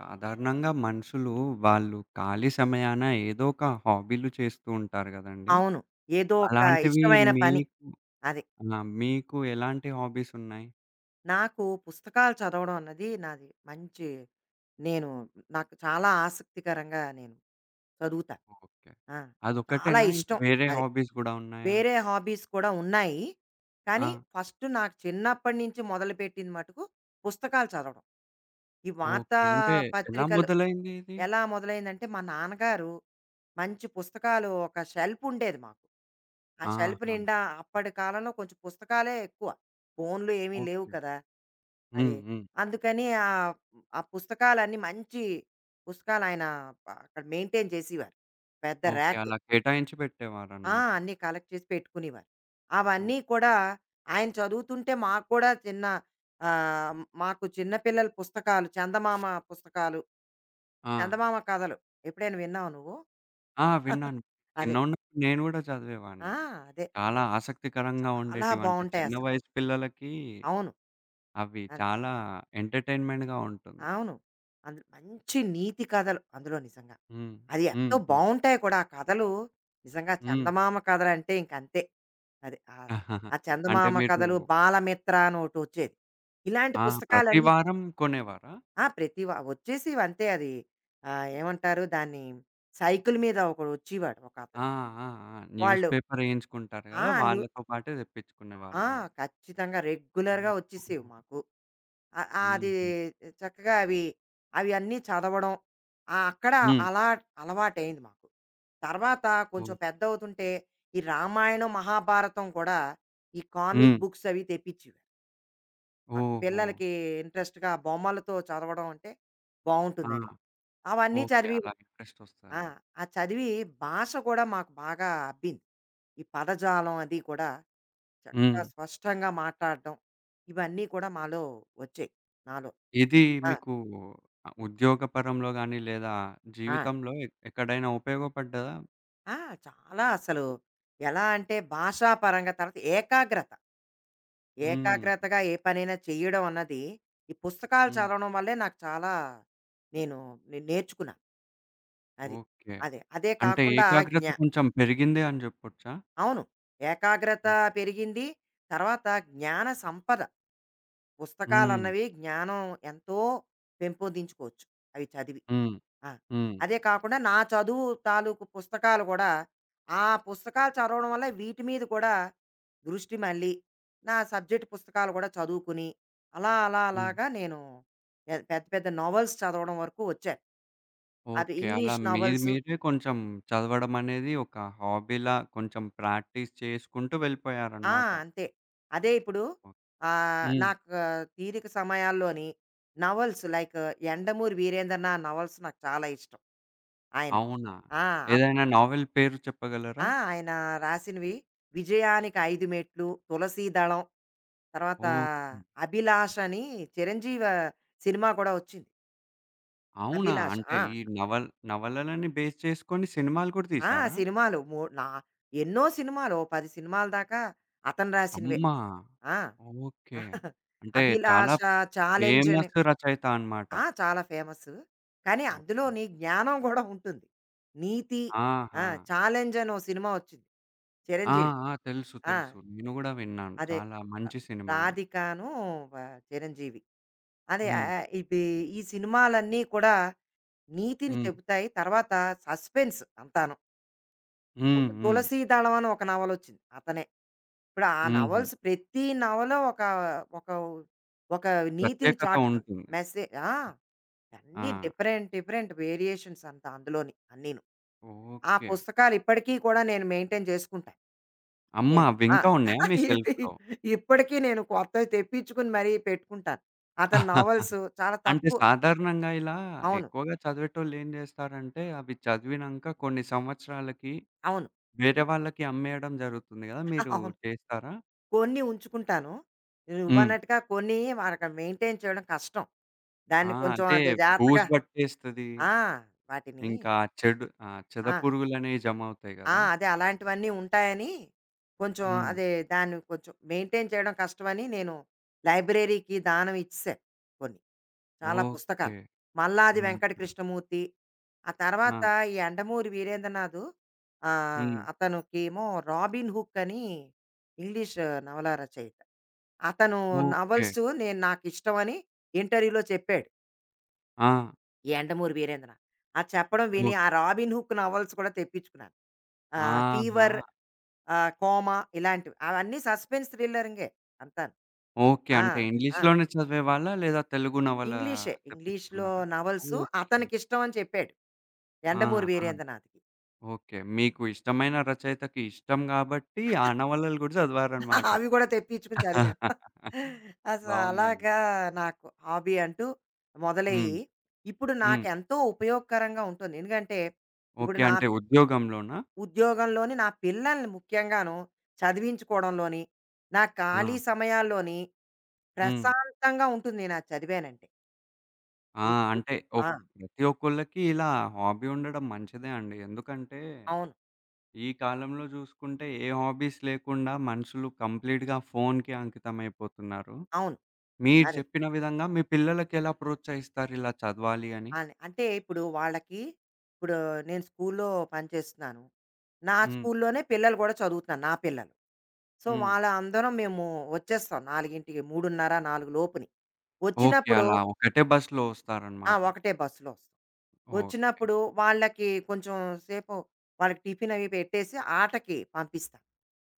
సాధారణంగా మనుషులు, వాళ్ళు ఖాళీ సమయాన ఏదోక హాబీలు చేస్తూంటారు కదండీ? అవును. ఏదోక అలాంటివి ఇష్టమైన పని. మీకు అది. ఆ! మీకు ఎలాంటి హాబీస్ ఉన్నాయి? నాకు పుస్తకాలు చదవడం అన్నది, నాది మంచి నేను నాకు చాలా ఆసక్తికరంగా నేను, చదువుతా. ఓకే. ఆ! చాలా అదొక్కటేనా? ఇంకా, ఇష్టం. వేరే అది. హాబీస్ గూడా ఉన్నాయా? వేరే హాబీస్ కూడా ఉన్నాయి. కానీ, ఆ! ఫస్ట్ నాకు చిన్నప్పటి నుంచి మొదలుపెట్టింది మటుకు, పుస్తకాలు చదవడం. ఈ వార్తా ఓకే. అంటే, ఎలా పత్రికలు మొదలైందిది? ఎలా మొదలైందంటే, మా నాన్నగారు, మంచి పుస్తకాలు ఒక షెల్ఫుండేది మాకు. ఆ షెల్ఫ్ ఆహా! నిండా అప్పటి కాలంలో కొంచెం పుస్తకాలే ఎక్కువ. ఫోనులు ఏమి లేవు ఓకే. కదా! అది. హ్మ్. హ్మ్. అందుకని ఆ ఆ పుస్తకాలన్నీ మంచి పుసకాలాయన అ అక్కడ మెయింటైన్ చేసివారు. పెద్ద ఓకే. ర్యాకు. అలా కేటాయించి ఆ! పెట్టేవారనమాట. అన్నీ కలెక్ట్ చేసి పెట్టుకునివారు. అవన్నీ ఓకే. కూడా, ఆయన చదువుతుంటే మాకు కూడా చిన్న ఆహ్, మాకు చిన్న పిల్లల పుస్తకాలు, చందమామ పుస్తకాలు ఆ! చందమామ కథలు. ఎప్పుడైనా విన్నావు నువ్వు? ఆ! విన్నాను. అదే. చిన్నున్నప్పుడు నేను కూడా ఆ! చదివేవాడిని. అదే. చాలా ఆసక్తికరంగా చాలా ఉండేటివంటే, చిన్న బావుంటాయసలు. వయసు పిల్లలకి, అవును. అవి అది. చాలా ఎంటర్టైన్మెంట్‌గా ఉంటుంది. అవును. అందులో మంచి నీతి కథలు అందులో నిజంగా. హ్మ్. అది హ్మ్. ఎంతో హ్మ్. బావుంటాయి కూడా ఆ కథలు, నిజంగా, హ్మ్. చందమామ కథలంటే ఇంకంతే. అది ఆ! ఆ అంటే, చందమామ మీరు కథలు, బాలమిత్రనొకటొచ్చేది. ఇలాంటి ఆ! ప్రతి పుస్తకాలన్నీ వారం, కొనేవారా? ఆ! ప్రతి వ వచ్చేసివంతే అది. ఆ! ఏమంటారు దాన్ని, సైకిల్ మీద ఒకడొచ్చివాడు. ఒక ఆ! అతను. ఆ! ఆ! న్యూస్ వాళ్ళు పేపర్ వేయించుకుంటారు ఆ! కదా! న్యూ వాళ్ళతో పాటే ఆ! తెప్పించుకునేవాళ్ళా? ఖచ్చితంగా రెగ్యులర్‌గా ఒచ్చిసేవి ఓహో! మాకు. ఆ ఆ అది హుహు. చక్కగా అవి అవన్నీ చదవడం. ఆ! అక్కడ హ్మ్. అలాట అలవాటయింది మాకు. తర్వాత కొంచెం ఓకే. పెద్దవుతుంటే, ఈ రామాయణం, మహాభారతం కూడా, ఈ కామిక్ హ్మ్. బుక్సవి తెప్పించుడు. ఆ ఓహో! పిల్లలకీ ఇంట్రెస్ట్‌గా బొమ్మలతో చదవడం అంటే ఆ! బావుంటుందని, అవన్నీ ఓకే. చదివీరు. అలా ఇంట్రెస్ట్ ఆ! ఒస్తదని. ఆ చదివి భాష కూడా మాకు బాగా అబ్బింది. ఈ పదజాలం అది కూడా చక్కగా హ్మ్. స్పష్టంగా మాట్టాడ్డం. ఇవన్నీ కూడా మాలో ఒచ్చాయి. నాలో. ఇదీ ఆ! మీకూ అ ఉద్యోగపరంలో గాని లేదా, ఆ! జీవితంలో ఎక్ ఎక్కడైనా ఉపయోగపడ్డదా? ఆ! చాలా అసలు. ఎలా అంటే భాషాపరంగా తర్వాత ఏకాగ్రత. హ్మ్. ఏకాగ్రతగా ఏ పనైనా చేయడం అన్నది, ఈ పుస్తకాలు హ్మ్. చదవడం వల్లే నాకు చాలా నేను నే నేర్చుకున్నా. అది. ఓకే. అదే. అదే అంటే కాకుండా జ్ఞ ఏకాగ్రత కొంచెం పెరిగిందే అని జెప్పొచ్చా? అవును. ఏకాగ్రతా హ్మ్. పెరిగింది, తర్వాత జ్ఞాన సంపద. హ్మ్. పుస్తకాలన్నవి జ్ఞానం ఎంతో పెంపొందించుకోవచ్చు, అవి చదివి. హ్మ్. ఆ! హ్మ్. అదే కాకుండా నా చదువు తాలూకు పుస్తకాలు గూడా, ఆ పుస్తకాలు చదవడం వల్ల వీటి మీద కూడా, దృష్టి మళ్ళీ, నా సబ్జెక్ట్ పుస్తకాలు గూడా చదువుకుని, అలా అలా హ్మ్. అలాగ నేను, పె పెద్ద పెద్ద నోవల్స్ చదవడం వరకు వచ్చాను. అది ఓకే. అలా ఇంగ్లీషు మీరు నోవల్సు. మీరే కొంచెం చదవడమనేది ఒక హాబీలా కొంచెం ప్రాక్టీస్ చేసుకుంటు ఆ! వెళ్ళిపోయారనమాట. అంతే. అదే ఇప్పుడు, ఆహ్, హ్మ్. నాకు తీరిక సమయాల్లోని novels like 'Yandamuri Veerendranath' novels నాకు చాలా ఇష్టం. ఆయనవి. అవునా! ఆ! అప్ ఏదైనా నావెల్ పేరు చెప్పగలరా? ఆ! ఆయన రాసినవి, 'విజయానికి ఐదు మెట్లు', 'తులసీ దళం', తర్వాత ఓకే. 'అభిలాషని' 'చిరంజీవ' సినిమా కూడా ఒచ్చింది. అవునా? అభిలాష. అంటే ఆ! ఈ నవల్ నవలలన్ని బేస్ చేసుకొని సినిమాలు కూడా ఆ! తీసారా? సినిమాలు మూ నా ఎన్నో సినిమాలు, ఓ 10 సినిమాల దాకా, అతను రాసినవే. అమ్మా! ఆ! ఓకే. అంటే చాలా 'అభిలాష,' 'ఛాలెంజని.' ఫేమసు రచయిత అనమాట. ఆ! చాలా ఫేమసు. కాని, ఓకే. అందులోనీ జ్ఞానం గూడా ఉంటుంది. నీతి ఆ! ఆహా! 'ఛాలెంజెనో' సినిమా వచ్చింది. ఆ! చిరంజీవిది. ఆ! తెలుసు. ఆ! తెలుసు. నేను గూడా విన్నాను. అదే. చాలా మంచి సినిమా అని. రాధికాను వ చిరంజీవి. అదే ఆ హ్మ్. ఆ ఇబి ఈ సినిమాలన్ని కూడా, నీతిని హ్మ్. చెబుతాయి. తర్వాత సస్పెన్స్ అంతాను. హ్మ్. ఒక హ్మ్. తులసీ దళం అని ఒక నవలొచ్చింది. అతనే. ఇప్పుడు ఆ హుహు. నవల్స్ ప్రతి నవలు ఒక ఒక ఒక నీతిని ప్రత్యేకత చాటుతుంది. ఉంటుంది. మెసే ఆ! ఆ! అన్ని డిఫరెంట్, డిఫరెంట్ వేరియేషన్స్ అంతా అందులోని, అన్నీను. ఆ ఓకే. పుస్తకాలిప్పటికి కూడా నేను, మెయింటైన్ జేసుకుంటా. అమ్మ! నేను ఆ! అవింకా ఉన్నాయా, మీ ఇవి సెల్ఫ్‌లో? ఇప్పటికి నేను, కొత్తది తెప్పించుకొని మరి, పెట్టుకుంటాను. అతను నవల్సు. చాలా అంటే తక్కు సాధారణంగా ఇలా, అవును. ఎక్కువుగా చదివేటోళ్ళు ఏం జేస్తారంటే, అవి చదివినంక కొన్ని సంవత్సరాలకి, అవును. వేరే వాళ్ళకి అమ్మేయడం జరుగుతుంది గదా! మీరు అవును. చేసారా? కొన్ని ఉంచుకుంటాను. హ్మ్. నువ్వన్నట్టుగా కొన్ని, వారికి మెయింటైన్ చేయడం కష్టం. ఆ! దాన్ని కొంచెం అదే, అది జాగ్రత్తగా బూజూ బట్టేస్తది. ఆ! వాటిని ఇంకా చెడు ఆహ్, చెద ఆ! పురుగులనేవి జమవుతాయి ఆ! గదా! అదే, అలాంటివన్ని ఉంటాయని. కొంచెం హ్మ్. అదే దాన్ని, కొంచెం మెయింటైన్ చేయడం కష్టమని, నేను లైబ్రేరీకి దానం ఇచ్చేసాను. కొన్ని. చాలా ఓకే. పుస్తకాలు. మల్లాది హుహు. వెంకట కృష్ణమూర్తి, ఆ ఆ! తర్వాత ఈ 'యండమూరి వీరేంద్రనాధు.' ఆహ్, హ్మ్. అతనుకేమో 'రాబీన్ హుక్' అని, ఇంగ్లీషు నవలా రచయిత. అతను ఓకే. నవల్సు నేను నాకిష్టమని ఇంటర్వ్యూలో చెప్పాడు. ఆ! ఎండమూరు వీరేంద్ర. ఆ చెప్పడం విని ఓహ్ ఆ రాబిన్ హుక్ నవల్స్ కూడా తెప్పిచుకున్నాను. ఆహ్, ఆహా! ఫీవర్, ఆహ్, కోమ ఇలాంటివి. అవన్నీ సస్పెన్స్ థ్రిల్లరింగే అంతాను. ఓకే. ఆ! అంటే ఆ! ఇంగ్లీషులోనే చదివేవాళ్ళా? లేదా తెలుగు నవల ఇంగ్లీషే. ఇంగ్లీషు‌లో తెప్పిచ్చుకున్నారా? Novels okay. అతనికి ఇష్టం అని చెప్పాడు. యండమూరి ఆహా! వీరేంద్రనాథ్‌కి. ఓకే. మీకు ఇష్టమైన రచయితకి ఇష్టం కాబట్టి ఆ నవలలు గూడా చదివారనమాట. అవి కూడా తెప్పించుకొని చదివాం. అస బావుందండి. అలాగా నాకు హాబీ అంటూ. హ్మ్. మొదలయ్యి, ఇప్పుడు హ్మ్. నాకెంతో ఉపయోగకరంగా ఉంటొంది. ఎందుకంటే, ఇప్పుడు ఓకే. నా అంటే ఉద్యోగంలోనా? ఉద్యోగంలోని నా పిల్లల్ని ముఖ్యంగాను, చదివించుకోవడంలోని. నా ఖాళీ ఆ! సమయాల్లోని, హ్మ్. ప్రశాంతంగా ఉంటుంది నేను అది చదివానంటే. ఆ! ఈ అంటే [unintelligible] ఒక్ ఆ! ప్రతి ఒక్కోళ్ళకి ఇలా హాబీ ఉండడం మంచిదే అండి. ఎందుకంటే, అవును. ఈ కాలంలో చూసుకుంటే ఏ హాబీస్ లేకుండా మనుషులు కంప్లీట్‌గా ఫోను‌కే అంకితమైపోతున్నారు. అవును. మీరు అది. చెప్పిన విధంగా మీ పిల్లలకి ఎలా ప్రోత్సహిస్తారు ఇలా చదవాలి అని? అని, అంటే ఇప్పుడు వాళ్ళకి, ఇప్పుడు నేను స్కూలు‌లో పని చేస్తున్నాను. నా హ్మ్. స్కూలు‌లోనే పిల్లలు గూడా చదువుతున్నారు నా పిల్లలు. సో, హ్మ్. వాలా అందరం మేము వచ్చేస్తాం. 4కి. 3:30 నాలుగులోపుని. ఓకే. వచ్చినప్పుడు అలా ఒకటే బస్సు‌లో ఆ! వస్తారనమాట. ఒకటే బస్సులో వస్తాం. ఓకే. వచ్చినప్పుడు వాళ్ళకి కొంచెం సేపు, వాళ్ళకి టిఫినవి పెట్టేసి ఆటకి పంపిస్తా.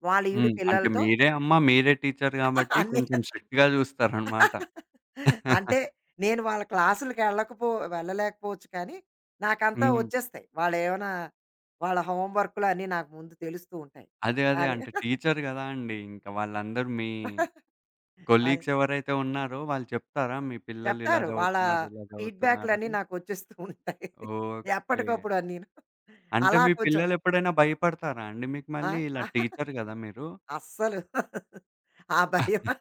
వాళ్ళ ఈడు హ్మ్. అంటే పిల్లలతో మీరే అమ్మ, మీరే టీచ్చరు గాబట్టి అన్ని. కొంచెం స్ట్రిక్ట్‌గా చూస్తారనమాట. అంటే నేను వాళ్ళ క్లాసులకి వెళ్ళకపో వెళ్ళలేకపోవచ్చు కానీ, నాకంతా హ్మ్. వచ్చేస్తాయి. వాళ్ళు ఏమన్నా వాళ్ళ హోం వర్కులు అన్నీ నాకు ముందు తెలుస్తూ ఉంటాయి. అదే. అదే. అదే. అంటే టీచ్చరు కదా అండీ. ఇంక వాళ్ళందరూ మీ, అదే. కొలీగ్స్ ఎవరైతే ఉన్నారో వాళ్ళు చెప్తారా? మీ పిల్లలు ఇలా చెప్తారు. వాళ్ళ చదువుతున్నారు, ఇలా ఫీడ్‌బ్యాకులన్నీ చదువుతున్నారని. నాకు వచ్చేస్తూ ఉంటాయి. ఓకే. ఎప్పటికప్పుడు అన్నీను అంటే అలా మీ కొంచెం పిల్లలు ఎప్పుడైనా భయపడతారా అండి మీకు ఆ! మళ్ళీ, ఇలా టీచ్చరు కదా! మీరు? అస్సలు. ఆ భయం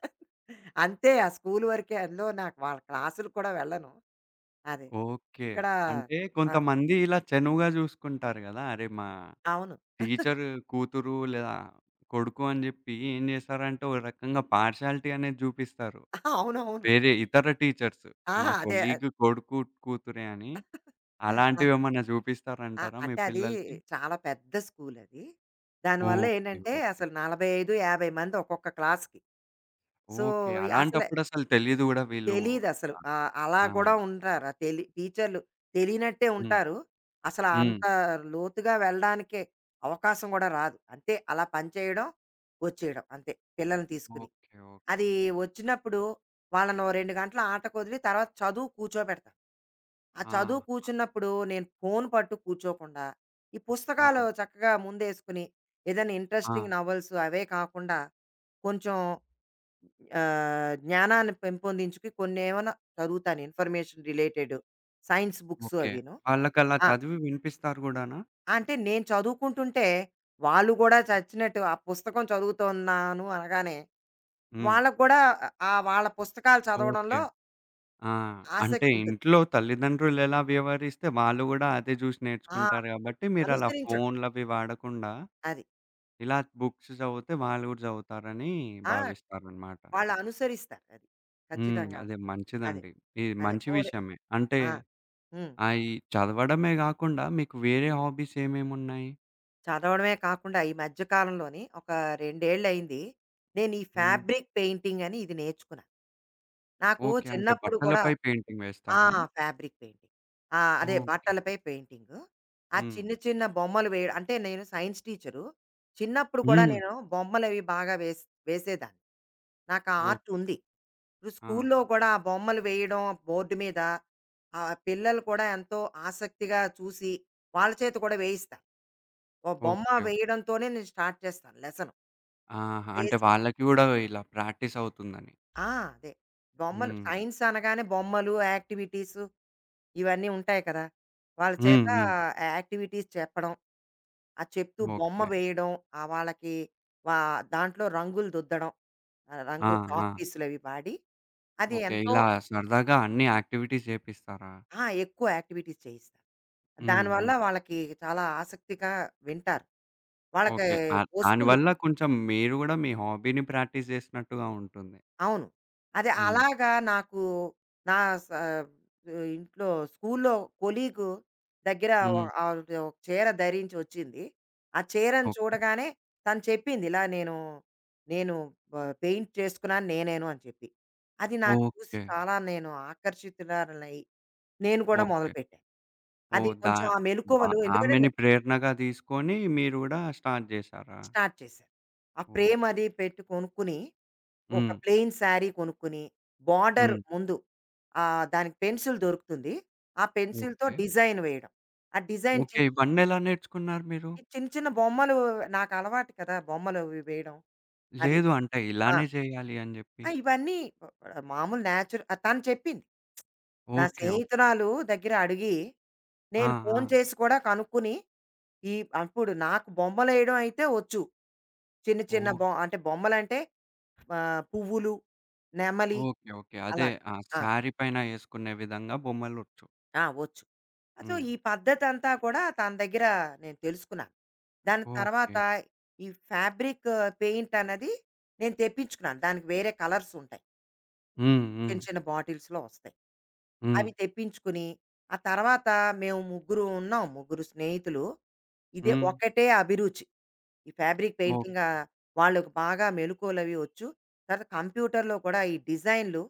అంతే ఆ స్కూలు వరకే అందులో నాకు వాళ్ళ క్లాసులు కూడా వెళ్ళను. అది. ఓకే. ఇక్కడా అంటే ఆ! కొంతమంది ఇలా చనువుగా చూసుకుంటారు గదా! అరే! మా అవును. టీచ్చరు కూతురు లేదా, కొడుకు అని చెప్పి ఏం చేస్తారంటే ఓ రకంగా పార్షియాలిటీ అనేది జూపిస్తారు. అవునవును. వేరే ఇతర టీచర్సు మా ఆహా! అదే. ఆహ్ కొలీగ్ కొడుకు కూతురే అని. ఆ! అలాంటివేమన్నా ఆ! చూపిస్తారంటారా మీ అంటే అది పిల్లలకి? చాలా పెద్ద స్కూలది. దానివల్ల ఓకే. ఏంటంటే, ఓకే. అసలు 45, 50 మంది ఒక్కొక్క క్లాస్‌కి. So, okay. అసలే అలాంటప్పుడసలు తెలీదు గూడా వీళ్ళు తెలీదసలు. ఇట్లా అని. ఆహ్, అలా ఆ! గూడా ఉండార తెలి టీచర్లు తెలియనట్టే హ్మ్. ఉంటారు. అసల హ్మ్. అంత లోతుగా వెళ్ళడానికే, అవకాశం గూడా రాదు. అంటే అలా పని చేయడం. వచ్చేయడం అంతే. పిల్లల్ని తీసుకొని. ఓకే. అది ఓకే. వచ్చినప్పుడు, వాళ్ళనో 2 గంటల ఆటకొదిలి తర్వాత చదువుకి కూర్చోబెడతాా. ఆ చదువు ఆహా! కూర్చున్నప్పుడు నేను ఫోను పట్టు కూర్చోకుండా. ఈ పుస్తకాలు ఆ! చక్కగా ముందేసుకొని, ఏదైనా ఇంట్రెస్టింగ్ ఆ! నవల్స్ అవే కాకుండా, కొంచెం ఆహ్, జ్ఞానాన్ని పెంపొందించుకు కొన్నేమన్నా చదువుతాను information related science books okay. అవీను. వాళ్ళకలా ఆ! చదివి వినిపిస్తారు గూడానా? అంటే నేను చదువుకుంటుంటే, వాళ్ళు గూడా చచ్చినట్టు ఆ పుస్తకం చదువుతున్నాను అనగానే, హ్మ్. వాళ్ళకి గూడా ఆహ్, వాళ్ళ పుస్తకాలు ఓకే. చదవడంలో... ఆ! అంటే ఆశక్తుంటుంది. ఇంట్లో తల్లిదండ్రులు ఎలా వ్యవహరిస్తే వాళ్ళు గూడా అదే చూసి ఆ! నేర్చుకుంటారు అది. గాబట్టి, మీరలా అనుసరించడం. ఫోనులవి వాడకుండా, అది. ఇలా బుక్స్ చదివితే వాళ్ళు గూడా చదువుతారని ఆ! భావిస్తారనమాట. వాళ్ళు అనుసరిస్తారు అది. హ్మ్. ఖచ్చితంగా. అదే అదే. మంచిదండి. ఇది అదే. మంచి ఓరే విషయమే. అంటే, ఆ! హ్మ్. అయ్యి చదవడమే గాకుండా మీకు వేరే హాబీస్ ఏమేమున్నాయి? చదవడమే కాకుండా ఈ మధ్య కాలంలోని ఒక రెండేళ్ళయింది. నేను ఈ హ్మ్. ఫ్యాబ్రిక్ పెయింటింగని ఇది నేర్చుకున్నా. నాకు ఓకే. అంటే చిన్నప్పుడు కూడా బట్టలపై పెయింటింగ్ ఆ! వేస్తారా? Fabric painting. ఆ! అదే ఓకే. బట్టలపై పెయింటింగు. ఆ హ్మ్. చిన్న చిన్న బొమ్మలు వేయడు అంటే, నేను సైన్స్ టీచరు. చిన్నప్పుడు కూడా హ్మ్. నేను బొమ్మలవి బాగా వేస్ వేసేదాన్ని. నాకు ఆ ఓక్ ఆర్ట్‌ ఉంది. ఇప్పుడు ఆ! స్కూలులో కూడా ఆ బొమ్మలు వేయడం బోర్డు మీద, ఆ పిల్లలు కూడా ఎంతో ఆసక్తిగా చూసి, వాళ్ళ చేత కూడా వేయిస్తా. ఒక బొమ్మ ఓకే. ఓకే. వేయడంతోనే నేను స్టార్ట్ చేస్తాను లెసను. ఆహా! అంటే వేసి వాళ్ళకి కూడా ఇలా ప్రాక్టీసవుతుందని. ఆ! అదే. బొమ్మలు, హ్మ్. సైన్స్ అనగానే బొమ్మలు, యాక్టివిటీసు ఇవన్నీ ఉంటాయి కదా! వాళ్ళ హ్మ్. చేత హ్మ్. ఆ యాక్టివిటీస్ చెప్పడం. ఆహ్, చెప్తూ బొమ్మ ఓకే. వేయడం, ఆ వాళ్ళకి వ దాంట్లో రంగులు దుద్దడం. ఆ ఆ! రంగు ఆ! చాక్‌పీసులవి వాడి, అది ఓకే. ఎంతో ఇలా సరదాగా అన్ని యాక్టివిటీస్ చేపిస్తారా? అహా! ఎక్కువ యాక్టివిటీస్ చేయిస్తా. హ్మ్. దానివల్ల హ్మ్. వాళ్ళకి చాలా ఆసక్తిగా వింటారు. వాళ్ళకి ఓకే. ఆహ్, వస్తుంది దానివల్ల కదా! కొంచెం మీరు కూడా మీ హాబీని ప్రాక్టీస్ చేసినట్టుగా ఉంటుంది. అవును. అదే. హ్మ్. అలాగా నాకు, నా స ఇంట్లో స్కూలులో కొలీగు దగ్గర హ్మ్. ఆహ్, ఒక ఆ చీర ధరించి ఒచ్చింది. ఆ చీరను ఓకే. చూడగానే తను చెప్పింది, "ఇలా నేను, నేను బ పెయింట్ చేసుకున్నాను నేనేను" అని చెప్పి, అది నాకు చూసి ఓకే. చాలా నేను ఆకర్షితులారలై నేను కూడా ఓకే. మొదలుపెట్టాను. అది ఓహ్! దా కొంచెం ఆ వా మెలుక్కవలు. ఎందుకనంటే నే ఆమెని ప్రేరణగా తీసుకొని, మీరు గూడా స్టార్ట్ చేశారా? స్టార్ట్ చేశారు. ఆ ఓహ్! ఫ్రేమది పెట్టి కొనుక్కొని, ఒక హ్మ్. ప్లెయిన్ సారీ కొనుక్కొని, బోర్డర్ హ్మ్. ముందు. ఆహ్, దానికి పెన్సిల్ దొరుకుతుంది. ఆ పెన్సిల్‌తో ఓకే. డిజైన్ వేయడం. ఆ డిజైన్ ఓకే. చిన్ ఇవన్నెలా నేర్చుకున్నారు మీరు? ఈ చిన్న చిన్న బొమ్మలు నాకు అలవాటు కదా! బొమ్మలు అవి వేయడం. అది. లేదు. అంటే ఆ! ఇలానే చేయాలి అని చెప్పి. ఆ! ఇవన్నీ ప్ మామూలు నేచర్ తను చెప్పింది. నా ఓకే. ఓకే. స్నేహితులాలు దగ్గర అడిగి, ఆ! నేను ఫోను ఆ! చేసి కూడా కనుక్కొని, ఈ అప్పుడు నాకు బొమ్మలేయడం అయితే ఒచ్చు. చిన్న చిన్న ఓక్ బొ అంటే బొమ్మలంటే, ఆహ్, పువ్వులు, నెమలి ఓకే. ఓకే. అదే అలాగ. ఆ ఆ! సారీ పైన ఏసుకునే విధంగా బొమ్మలొచ్చు. ఆ! ఒచ్చు. ఆ సో, హ్మ్. ఈ పద్ధతంతా కూడా తన దగ్గర నేను తెలుసుకున్నాను. దాని తర్వాత, ఓకే. ఈ ఫ్యాబ్రిక్ పెయింటన్నది, నేను తెప్పించుకున్నాను. దానికి వేరే కలర్సుంటాయి. హ్మ్. చిన్న, హ్మ్. చిన్న బాటిల్స్‌లో ఒస్తాయి. అవి హ్మ్. తెప్పించుకొని, ఆ తర్వాత మేము ముగ్గురుంన్నాం. ముగ్గురు స్నేహితులు. ఇది హ్మ్. ఒకటే అభిరుచి. ఈ ఫ్యాబ్రిక్ పెయింటింగా ఓకే. వాళ్ళుకి బాగా మెలుకోలవి ఒచ్చు. తర కంప్యూటర్‌లో కూడా ఈ డిజైనులు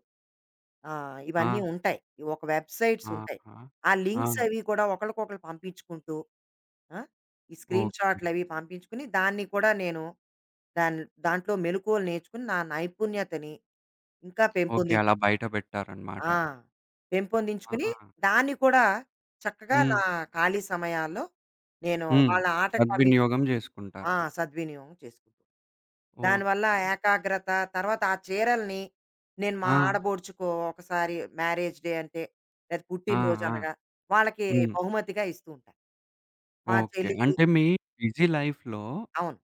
ఆహ్, ఇవన్నీ ఆ! ఉంటాయి. ఒక వెబ్‌సైట్సుంటాయి. ఆహా! ఆ ఆ! లింక్సవి కూడా ఒకళ్ళకొకళ్ళు పంపించుకుంటూ ఆ! ఈ ఓకే. స్క్రీన్‌షాటులవి పంపించుకొని, దాన్ని కూడా నేను, దాని దాంట్లో మెలుకువలు నేర్చుకొని నా నైపుణ్యతని, ఇంకా ఓకే. పెంపుంది అలా బయట ఆ! పెట్టారనమాట. పెంపొందించుకొని, ఆ! దాన్ని కూడా, చక్కగా నా హ్మ్. ఖాళీ సమయాల్లో, నేను హ్మ్. వాళ్ళ ఆటకు పంపించా సద్వినియోగం జేసుకుంటారు. ఆ! సద్వినియోగం చేసుకుంటా. దానివల్ల ఓకే. ఏకాగ్రత, తర్వాత ఆ చీరలని, నేను మా ఆ! ఆడబొడుచుకో ఒకసారి, మ్యారేజ్ డే అంటే, లేదు ఆ! పుట్టిన ఆ! రోజనగా, వాళ్ళకి హ్మ్. బహుమతిగా ఇస్తూంటా. మా ఓకే. చెల్లికి అంటే, మీ బిజీ లైఫ్‌లో అవును.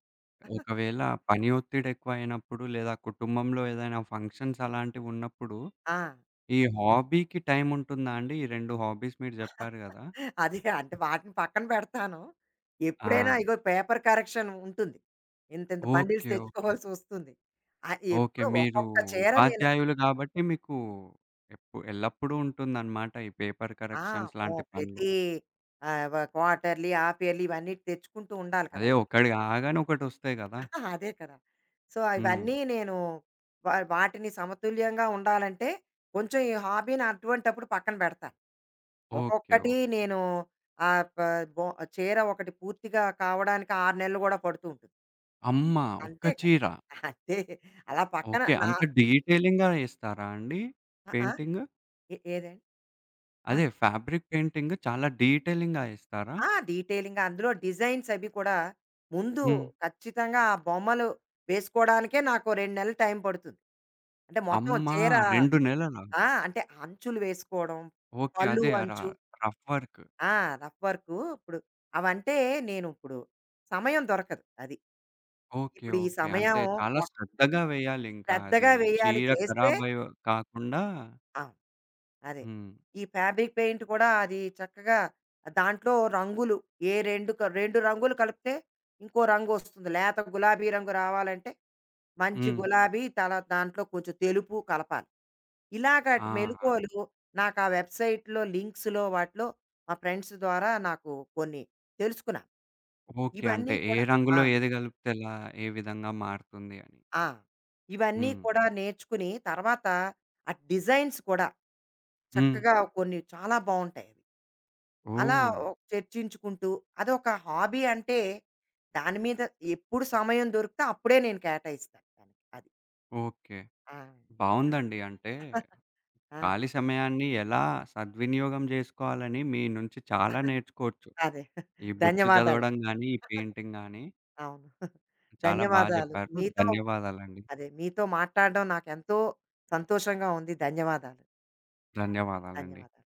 ఒకవేళ పని ఒత్తిడి ఎక్కువైనప్పుడు, లేదా కుటుంబంలో ఏదైనా ఫంక్షన్స్ అలాంటివున్నప్పుడు, ఆ! ఈ హాబీకి టైముంటుందాండి? ఈ 2 హాబీస్ మీరు జెప్పారు గదా! అది అంటే, వాటిని పక్కన పెడతాను. ఎప్పుడైనా ఆ! ఇగో పేపర్ కరెక్షన్ ఉంటుంది. ఇంత, ఇంత బండీల్స్ ఓకే. ఓకే. తెచ్చుకోవాల్సొస్తుంది. ఆహ్, ఓకే. ఎప్పుడో, మీరు ఒక్కొక్క చీర నేను ఉపాధ్యాయులు కాబట్టి, మీకూ, ఎప్పు ఎల్లప్పుడూ ఉంటుందనమాట. ఈ పేపర్ ఆ! కరెక్షన్స్ అమ్మో! లాంటి పనులు. ప్రతీ ఆవ క్వాటర్‌లీ, ఆఫియర్‌లీ ఇవన్నీటి తెచ్చుకుంటూండాలి అదే కదా! ఒక్కటి కాగానే, ఒకటొస్తాయి కదా! అదే కదా! సో, హ్మ్. ఇవన్నీ నేను, వా వాటిని సమతుల్యంగా ఉండాలంటే, కొంచెం ఈ హాబీని అటువంటప్పుడు పక్కన పెడతారు. ఓకే. ఒక్కొక్కటి ఓకే. నేను ఆహ్, ప బో చీర ఒకటి పూర్తిగా కావడానికి 6 నెలలు కూడా పడుతూంటుంది. అమ్మా ఒక్క అంతే కదా! చీర? అంతే అలా పక్కన ఓకే. నా అంత డీటెలింగ్‌గా ఏస్తారా? అండి ఆ! ఆ? పెయింటింగు? ఏ ఏదండి? ఆ! అదే, ఫ్యాబ్రిక్ పెయింటింగ్ చాలా డీటెలింగ్‌గా ఏస్తారా? ఆ! డీటెలింగ్‌గా. అందులో డిజైన్స్ అవి కూడా ముందు హ్మ్. ఖచ్చితంగా ఆ బొమ్మలు వేసుకోడానికే నాకో 2 నెలలు టైం పడుతుంది. అంటే, మొత్తం అమ్మా! చీరా 2 నెలలా? ఆ! అంటే అంచులు వేసుకోవడం, ఓకే. పల్లు అదే, ఆ! ర అంచు. Rough work. ఆ! Rough work. ఇప్పుడు అవంటే నేను ఇప్పుడు సమయం దొరకదు. అది. ఓకే. ఇప్పుడు ఈ ఓకే. సమయం అంటే, చాలా వ శ్రద్ధగా వేయాలింకా అది. శ్రద్దగా వెయ్యాలి చీర చేస్తే ఖరాబయో కాకుండా ఆ! అదే. హ్మ్. ఈ ఫ్యాబ్రిక్ పెయింటు కూడా అది చక్కగా, ఆ! దాంట్లో రంగులు ఏ రెండు క 2 రంగులు కలుపుతే ఇంకో రంగొస్తుంది. లేత గులాబీ రంగు రావాలంటే, మంచి హ్మ్. గులాబీ తర్వాత దాంట్లో కొంచెం తెలుపు కలపాలి. ఇలాగ ఆ! ఆటి ఆ! మేలుకొలు నాకా వెబ్‌సైట్‌లో, లింక్స్‌లో వాటిలో, మా ఫ్రెండ్స్ ద్వారా నాకు కొన్ని తెలుసుకున్నా ఓకే. అంటే, ఇవన్నీ ఏ కూడా ఆ! రంగులో ఏది గలిపితే ఎలా? ఏ విధంగా మారుతుంది అని. ఆ! ఇవన్నీ హ్మ్. కూడా నేర్చుకుని తర్వాత, ఆ డిజైన్స్ కూడా హ్మ్. చక్కగా కొన్ని చాలా బావుంటాయి. అలా ఓహ్! ఓహ్! చర్చించుకుంటూ, అదొక హాబీ అంటే దాని మీద ఎప్పుడు సమయం దొరికితే అప్పుడే నేను కేటాయిస్తాను దానికి. అది. ఓకే. ఆ! బావుందండి. అంటే, ఆ! ఖాళీ సమయాన్ని ఎలా సద్వినియోగం జేసుకోవాలని మీ నుంచి చాలా నేర్చుకోవచ్చు. అదే. ఈ బుక్సు ధన్యవాదాలండి. జదవడం గాని, ఈ పెయింటింగ్ గాని. అవును. చాలా బా ధన్యవాదాలు. జెప్పారు. మీతో ధన్యవాదాలండి. అదే మీతో మాట్లాడడం నాకెంతో సంతోషంగా ఉంది. ధన్యవాదాలు. ధన్యవాదాలండి. ధన్యవాదాలు.